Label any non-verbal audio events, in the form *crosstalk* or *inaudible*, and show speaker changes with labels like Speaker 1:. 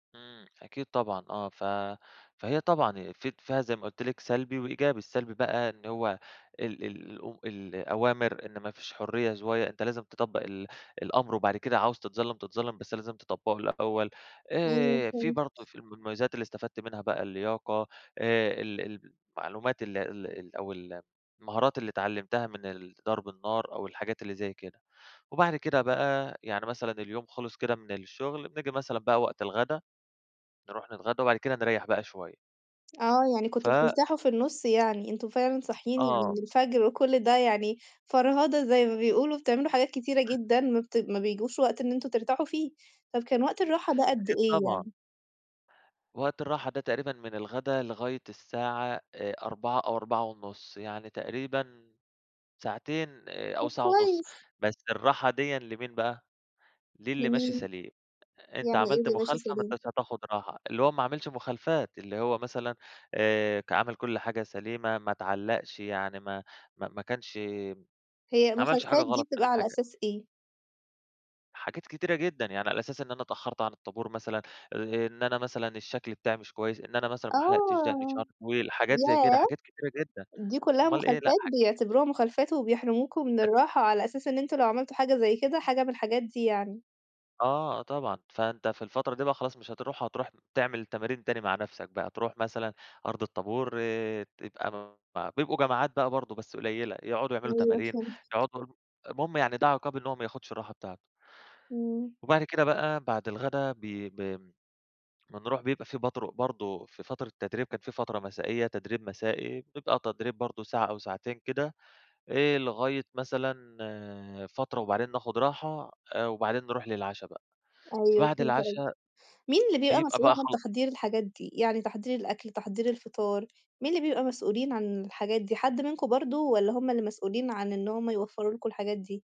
Speaker 1: إمم، أكيد طبعًا آه ف فهي طبعًا في ت فيها زي ما قُلت لِك سلبي وإيجابي، السلبي بقى إن هُو ال ال أم الأوامر إن ما فيش حُرية شوية أنت لازم تطَبّق ال الأمر، وبعد كده عاوز تتظلّم، تتظلّم بس لازم تطبّقه الأول،
Speaker 2: أيوه
Speaker 1: آآ في
Speaker 2: فهمت.
Speaker 1: برضه في ال من المميزات اللي استفدت منها بقى اللياقة آآ ال المعلومات ال ال أو ال المهارات اللي إتعلّمتها من الضرب النار أو الحاجات اللي زي كده، وبعد كده بقى يعني مثلًا اليوم خلص كده من الشغل، نيجي مثلًا بقى وقت الغدا، نروح نتغدى وبعد كده نريّح بقى شوية.
Speaker 2: آه يعني
Speaker 1: ف
Speaker 2: كُنتم بترتاحوا في النُص يعني، أنتم فعلًا صاحيين يعني
Speaker 1: آه.
Speaker 2: من الفجر وكلّ ده يعني فرهدة زي ما بيقولوا، بتعملوا حاجات كتيرة جدًا ما بت ما بيجوش وقت إن أنتم ترتاحوا فيه، طب كان وقت الراحة ده قد
Speaker 1: أكيد
Speaker 2: إيه
Speaker 1: طبعًا.
Speaker 2: يعني؟
Speaker 1: وقت الراحة ده تقريبًا من الغدا لغاية الساعة آآ 16:00 أو 16:30 يعني تقريبًا ساعتين، آآ أو
Speaker 2: طب
Speaker 1: ساعة ونُص،
Speaker 2: كويس.
Speaker 1: بس الراحة ديًا لمين بقى؟ لِلّي ماشي
Speaker 2: لمين.
Speaker 1: سليم، أنت
Speaker 2: يعني إيه
Speaker 1: عملت
Speaker 2: اللي ماشي
Speaker 1: مخالفة ما
Speaker 2: سليم؟
Speaker 1: انتاش هتاخُد راحة، اللي هو ما عملش مخالفات، اللي هو مثلًا آآ ك عمل كلّ حاجة سليمة ما اتعلّقش، يعني ما ما ما كانش
Speaker 2: هي
Speaker 1: ماعملش حاجة
Speaker 2: مخالفات دي
Speaker 1: غلط
Speaker 2: بتبقى
Speaker 1: من
Speaker 2: على
Speaker 1: الحاجة
Speaker 2: أساس إيه؟
Speaker 1: حاجات كتيرة جدًا، يعني على أساس إن أنا اتأخرت عن الطابور مثلًا، أ إن أنا مثلًا الشكل بتاعي مش كويس، إن أنا مثلًا ما حَلَقتش دَقني شعري
Speaker 2: آه،
Speaker 1: طويل، حاجات زي كده
Speaker 2: ياه!
Speaker 1: حاجات كتيرة جدًا،
Speaker 2: دي كلّها
Speaker 1: أُمّال إيه، لأ
Speaker 2: مخالفات،
Speaker 1: حاج
Speaker 2: بيعتبروها مخالفات؟ وبيحرموكوا من
Speaker 1: *unintelligible*
Speaker 2: الراحة على أساس إن أنت لو عملت حاجة زي كده، حاجة من الحاجات دي يعني.
Speaker 1: آه، آه طبعًا، فأنت في الفترة دي بقى خلاص مش هتروح، هتروح تعمل تمارين تاني مع نفْسك بقى، تروح مثلًا أرض الطابور آآ تبقى م بيبقوا جماعات بقى برضه بس قليّلة، يقعدوا يعملوا
Speaker 2: أيوه
Speaker 1: تمارين،
Speaker 2: فهمتك.
Speaker 1: يقعدوا يرو المُهم يعني ده عقاب إن هو ما ياخدش الراحة بتاعته.
Speaker 2: إمم.
Speaker 1: وبعد كده بقى، بعد الغدا بي ب بنروح بيبقى في برضه- برضه، في فترة التدريب كانت في فترة مسائية تدريب مسائي، بتبقى تدريب برضه ساعة أو ساعتين كده، إيه لغاية مثلًا آآ فترة وبعدين ناخد راحة، آآ وبعدين نروح للعشا بقى،
Speaker 2: أيوه
Speaker 1: فبعد
Speaker 2: فهمت قصدك.
Speaker 1: العشا
Speaker 2: مين اللي بيبقى
Speaker 1: بيبقى
Speaker 2: مسؤول
Speaker 1: بقى
Speaker 2: عن
Speaker 1: خلا
Speaker 2: تحضير الحاجات دي؟ يعني تحضير الأكل تحضير الفطار، مين اللي بيبقى مسؤولين عن الحاجات دي؟ حد منكم برضه، والّا هُم اللي مسؤولين عن إن هُم يوفروا لكم الحاجات دي؟